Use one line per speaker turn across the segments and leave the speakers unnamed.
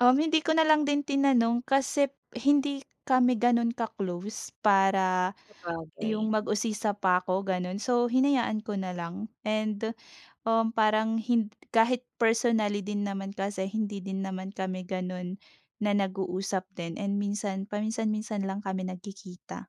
Um, hindi ko nalang din tinanong kasi hindi kami ganun ka-close para
Sabagay.
yung mag-usisa pa 'ko ganun so hinayaan ko na lang and uhm, parang hin kahit personally din naman kasi hindi din naman kami ganun na nag-uusap din and minsan paminsan-minsan lang kami nagkikita.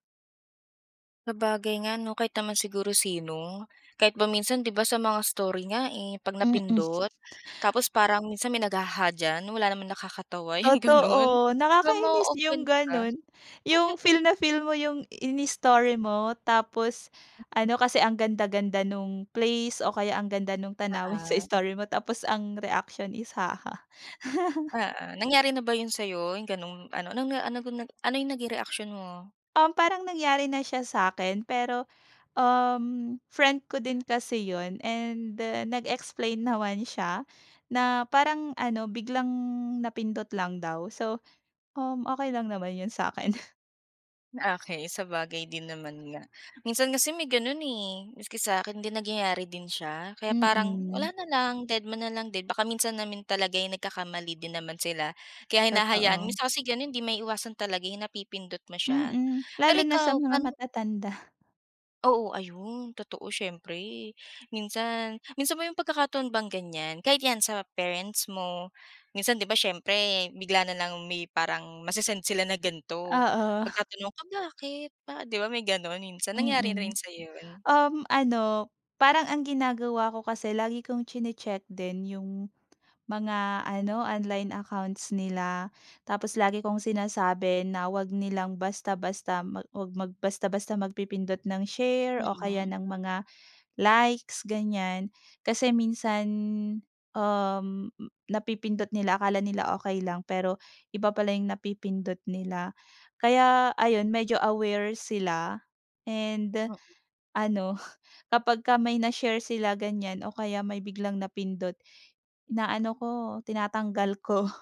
Sabagay nga 'no, kahit naman siguro sino, kahit ba minsan di ba sa mga story nga eh, 'pag
Mm.
napindot tapos parang minsan may nag-"haha" diyan, wala naman nakakatawa yung ganun.
Totoo.
Di ba,
Nakakainis yung
ma-o-offend ka?
ganun, yung feel na feel mo yung inistory mo, tapos
[unintelligible]
ano kasi ang ganda-ganda nung place o kaya ang ganda nung tanawin sa
Oo.
story mo tapos ang reaksyon is, "Haha."
Oo. Nangyari na ba yun sa'yo, yung ganung ano, nung na ano na ganun, ano yung naging reaction mo?
Um, parang nangyari na siya sa'kin pero uhm, friend ko din kasi yun and nag-explain naman siya na parang ano biglang napindot lang daw, so uhm, okey lang naman yun sa'kin.
Okey. Sabagay din naman nga, minsan kasi may ganun eh. Maski sa'kin din nagyayari din siya. Kaya parang wala
Mm.
na lang, dedma nalang din, baka minsan naman talaga'y nagkakamali din naman sila kaya hinahayaan
Totoo.
minsan kasi ganun 'di maiiwasan talaga yung napipindot mo siya.
Mm.
Pero
Lalo na sa
ikaw,
mga
paano
matatanda.
Oo. Ayun, totoo siyempre. Minsan minsan bang may pagkakataon bang ganyan, kahit 'yan sa parents mo, minsan di ba, siyempre bigla nalang may parang mase-send sila na gan'to,
Oo.
magtatanong ka, "Bakit ba?" di ba, may ganun minsan. Nangyari na rin
Mm.
sa'yo, yun?
Uhm, ano parang ang ginagawa ko kasi lagi kong tsini-tsek din yung mga ano online accounts nila. Tapos lagi kong sinasabi na, 'wag nilang basta-basta mag 'wag mag basta-basta magpipindot ng share o kaya
Mm.
ng mga, likes ganyan. Kasi minsan uhm, napipindot nila, akala nila okey lang, pero iba pala yung napipindot nila. Kaya ayun, medyo aware sila and
M
ano kapagka may na-share sila ganyan o kaya may biglang napindot, ina, ano ko tinatanggal ko.